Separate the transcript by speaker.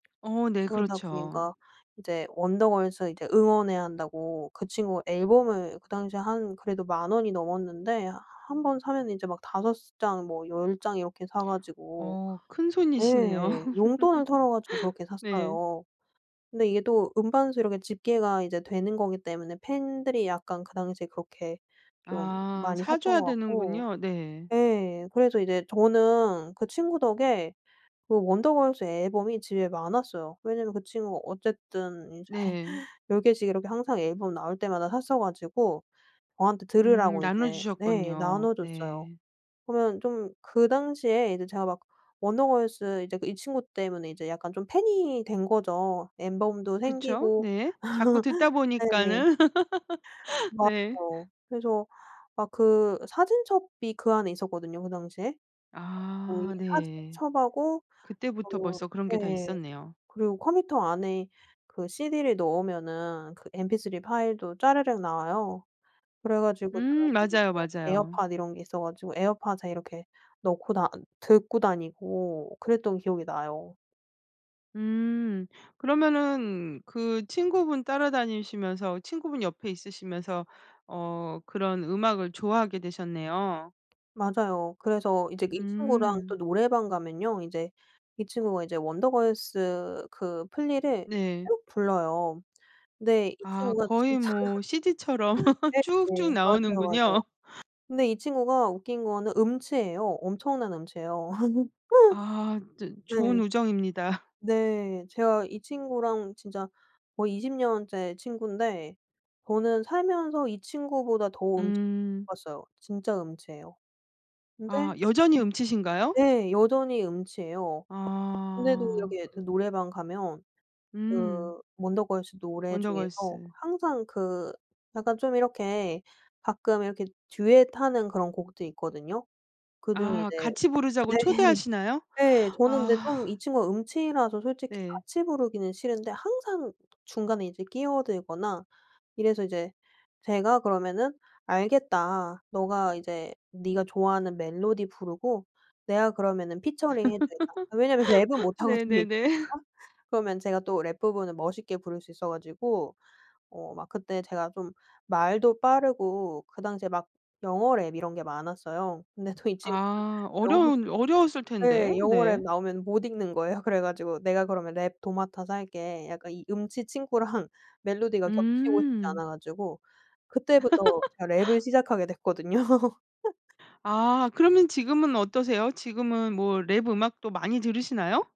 Speaker 1: 어 네.
Speaker 2: 그러다
Speaker 1: 그렇죠.
Speaker 2: 보니까 이제 원더걸스 이제 응원해야 한다고 그 친구가 앨범을 그 당시에 한 그래도 10,000 원이 넘었는데 한번 사면은 이제 막 5 장 뭐 10 장 이렇게 사 가지고
Speaker 1: 어. 큰 손이시네요.
Speaker 2: 예 용돈을 털어 가지고 그렇게
Speaker 1: 네.
Speaker 2: 샀어요. 근데 이게 또 음반 수 이렇게 집계가 이제 되는 거기 때문에 팬들이 약간 그 당시에 그렇게 좀
Speaker 1: 아.
Speaker 2: 많이
Speaker 1: 사
Speaker 2: 샀던
Speaker 1: 줘야
Speaker 2: 거 같고
Speaker 1: 되는군요. 네.
Speaker 2: 예 그래서 이제 저는 그 친구 덕에 그 원더걸스 앨범이 집에 많았어요. 왜냐면 그 친구가 어쨌든 이제
Speaker 1: 네.
Speaker 2: 10 개씩 이렇게 항상 앨범 나올 때마다 샀어 가지고 저한테
Speaker 1: 음.
Speaker 2: 들으라고 이제 네
Speaker 1: 나눠주셨군요.
Speaker 2: 나눠줬어요.
Speaker 1: 네.
Speaker 2: 그러면 좀 그 당시에 이제 제가 막 원더걸스 이제 이 친구 때문에 이제 약간 좀 팬이 된 거죠. 앨범도
Speaker 1: 그쵸.
Speaker 2: 생기고
Speaker 1: 네. 자꾸 듣다
Speaker 2: 네.
Speaker 1: 보니까는. 네.
Speaker 2: 맞아요. 그래서 막 그 사진첩이 그 안에 있었거든요 그 당시에. 그래 가지고 이
Speaker 1: 아. 네.
Speaker 2: 사진첩하고
Speaker 1: 그때부터
Speaker 2: 어
Speaker 1: 벌써 그런 게 다
Speaker 2: 네.
Speaker 1: 있었네요.
Speaker 2: 그리고 컴퓨터 안에 그 cd를 넣으면은 그 mp3 파일도 짜르륵 나와요. 그래 가지고
Speaker 1: 음.
Speaker 2: 사람들이
Speaker 1: 맞아요,
Speaker 2: 뭐
Speaker 1: 맞아요.
Speaker 2: 에어팟 이런 게 있어 가지고 에어팟에 이렇게 넣고 다 듣고 다니고 그랬던 기억이 나요.
Speaker 1: 음. 그러면은 그 친구분 따라다니시면서 친구분 옆에 있으시면서 어 그런 음악을 좋아하게 되셨네요.
Speaker 2: 맞아요. 그래서 이제 이 친구랑 또
Speaker 1: 음.
Speaker 2: 노래방 가면요 이제 이 친구가 이제 원더걸스 그 플리를
Speaker 1: 네.
Speaker 2: 쭉 불러요. 근데 이
Speaker 1: 아.
Speaker 2: 친구가
Speaker 1: 거의
Speaker 2: 진짜
Speaker 1: 뭐 cd처럼 쭉쭉
Speaker 2: 네네. 맞아요, 맞아요.
Speaker 1: 나오는군요.
Speaker 2: 근데 이 친구가 웃긴 거는 음치예요. 엄청난 음치예요.
Speaker 1: 아. 저 좋은
Speaker 2: 네.
Speaker 1: 우정입니다.
Speaker 2: 네. 제가 이 친구랑 진짜 거의 20 년째 친구인데 저는 살면서 이 친구보다 더 음치 못
Speaker 1: 음.
Speaker 2: 봤어요. 진짜 음치예요.
Speaker 1: 아.
Speaker 2: 근데
Speaker 1: 여전히 음치신가요?
Speaker 2: [unintelligible] 네 여전히 음치예요. 그런데도
Speaker 1: 아.
Speaker 2: 이렇게 그 노래방 가면
Speaker 1: 음.
Speaker 2: 그 원더걸스 노래 중에서
Speaker 1: 원더걸스.
Speaker 2: 항상 그 약간 좀 이렇게 가끔 이렇게 듀엣 하는 그런 곡도 있거든요. 그중에
Speaker 1: 아.
Speaker 2: 이제
Speaker 1: 같이 부르자고
Speaker 2: 네.
Speaker 1: 초대하시나요?
Speaker 2: 네. 저는 이제 좀
Speaker 1: 아.
Speaker 2: 이 친구가 음치라서 솔직히
Speaker 1: 네.
Speaker 2: 같이 부르기는 싫은데 항상 중간에 이제 끼어들거나 이래서 이제 제가 그러면은 "알겠다. 너가 이제 네가 좋아하는 멜로디 부르고 내가 그러면은 피처링 해 주겠다." 왜냐면 랩은 못하거든요. 이
Speaker 1: 네네네.
Speaker 2: 친구가. 그러면 제가 또 랩 부분을 멋있게 부를 수 있어 가지고 어 막 그때 제가 좀 말도 빠르고 그 당시에 막 영어 랩 이런 게 많았어요. 근데 또 이 친구는
Speaker 1: 아.
Speaker 2: 영어
Speaker 1: 어려운 어려웠을 텐데.
Speaker 2: 네. 영어 랩
Speaker 1: 네.
Speaker 2: 나오면 못 읽는 거예요. 그래 가지고 "내가 그러면 랩 도맡아서 할게." 약간 이 음치 친구랑 멜로디가 겹치고 싶지
Speaker 1: 음.
Speaker 2: 않아 가지고 그때부터 제가 랩을 시작하게 됐거든요.
Speaker 1: 아. 그러면 지금은 어떠세요? 지금은 뭐 랩 음악도 많이 들으시나요?